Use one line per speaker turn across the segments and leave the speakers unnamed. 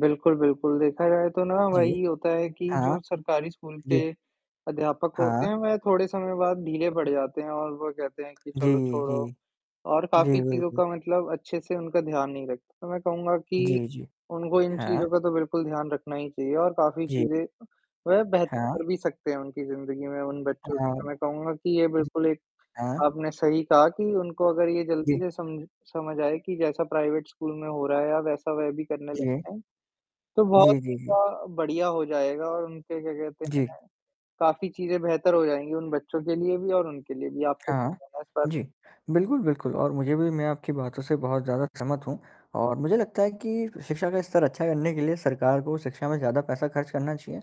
बिल्कुल, बिल्कुल। देखा जाए तो ना,
जी।
वही होता है कि
हाँ, हाँ।
जो सरकारी स्कूल के,
जी।
अध्यापक होते
हाँ।
हैं वह थोड़े समय बाद ढीले पड़ जाते हैं और वो कहते हैं कि
जी,
चलो
जी,
छोड़ो
जी।
और
जी,
काफ़ी चीज़ों
बिल्कुल।
का मतलब अच्छे-से उनका ध्यान नहीं रख तो मैं कहूँगा कि,
जी, जी।
उनको इन
हाँ।
चीज़ों का तो बिल्कुल ध्यान रखना ही चाहिए और काफ़ी
जी।
चीज़ें, वह बेहत
हाँ।
कर भी सकते हैं उनकी ज़िंदगी में उन बच्चों की।
हाँ।
तो मैं कहूँगा कि ये
जी।
बिल्कुल एक,
हाँ।
आपने सही कहा कि उनको अगर ये जल्दी
जी।
से समझ समझ आए कि जैसा प्राइवेट स्कूल में हो रहा है अ, वैसा वह भी करने लग
जी।
जाएँ, तो बहुत
जी, जी, जी।
ऐसा बढ़िया हो जाएगा और उनके क्या कहते
जी।
हैं, काफ़ी चीज़ें बेहतर हो जाएँगी उन बच्चों के लिए भी और उनके लिए भी। आपका क्या
हाँ।
कहना है इस पर?
जी। बिल्कुल, बिल्कुल और मुझे भी मैं आपकी बातों से बहुत ज़्यादा समझ हूँ और मुझे लगता है कि फ शिक्षा का स्तर अच्छा करने के लिए सरकार को शिक्षा में ज़्यादा पैसा खर्च करना चाहिए,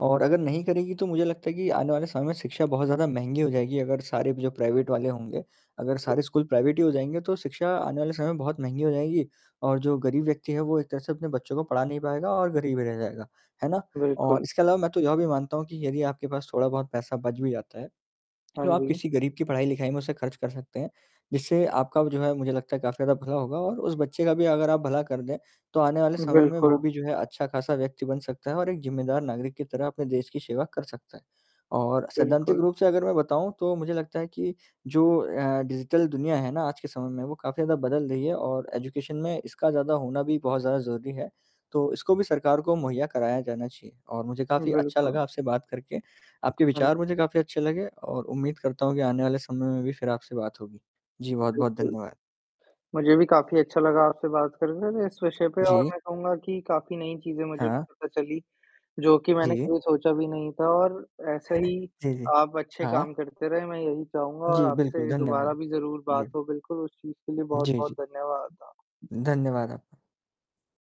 और अगर नहीं करेगी तो मुझे लगता है कि आने वाले समय में शिक्षा बहुत ज़्यादा महँगी हो जाएगी अगर सारे भी जो प्राइवेट वाले होंगे। अगर
बिल्क
सारे स्कूल प्राइवेट ही हो जाएँगे तो शिक्षा आने वाले समय बहुत महँगी हो जाएगी। और जो गरीब व्यक्ति है वो एक तरह से अपने बच्चों को पढ़ा नहीं पाएगा और गरीब रह जाएगा। है ना? और
बिल्कुल।
इसके अलावा मैं तो यह भी मानता हूँ कि यदि आपके पास थोड़ा-बहुत पैसा बच भी जाता है,
हाँ
तो आप
जी।
किसी गरीब की पढ़ाई-लिखाई में उसे खर्च कर सकते हैं। जिससे आपका व जो है मुझे लगता है काफ़ी ज़्यादा भला होगा और उस बच्चे का भी अगर आप भला कर दें, तो आने वाले समय में वो
बिल्कुल।
भी जो है अच्छा-खासा व्यक्ति बन सकता है और एक ज़िम्मेदार नागरिक की तरह अपने देश की सेवा कर सकता है। और सैद्धांतिक
बिल्कुल।
रूप से अगर मैं बताऊँ तो मुझे लगता है कि जो अ, डिजिटल दुनिया है ना आज के समय में, वो काफ़ी ज़्यादा बदल रही है और एजुकेशन में इसका ज़्यादा होना भी बहुत ज़्यादा ज़रूरी है। तो इसको भी सरकार को मुहैया कराया जाना चाहिए और मुझे काफ़ी अच्छा
बिल्कुल।
लगा आपसे बात करके। आपके
हाँ।
विचार मुझे काफ़ी अच्छे लगे और उम्मीद करता हूँ कि आने वाले समय में भी फिर आपसे बात होगी। जी, बहुत-बहुत
बिल्कुल।
धन्यवाद।
मुझे भी काफ़ी अच्छा लगा आपसे बात करने में इस विषय पे और
जी।
मैं कहूँगा कि काफ़ी नई चीज़ें मुझे भी
हाँ।
पता चली, जो कि मैंने
जी।
कभी सोचा भी नहीं था और ऐसे ही,
जी, जी।
आप अच्छे काम
हाँ।
करते रहें। मैं यही चाहूँगा और
जी, बिल्कुल,
आपसे दोबारा
धन्यवाद।
भी ज़रूर बात
जी।
हो, बिल्कुल उस चीज़ के लिए
जी,
बहुत-बहुत
जी।
धन्यवाद आ
धन्यवाद आपका।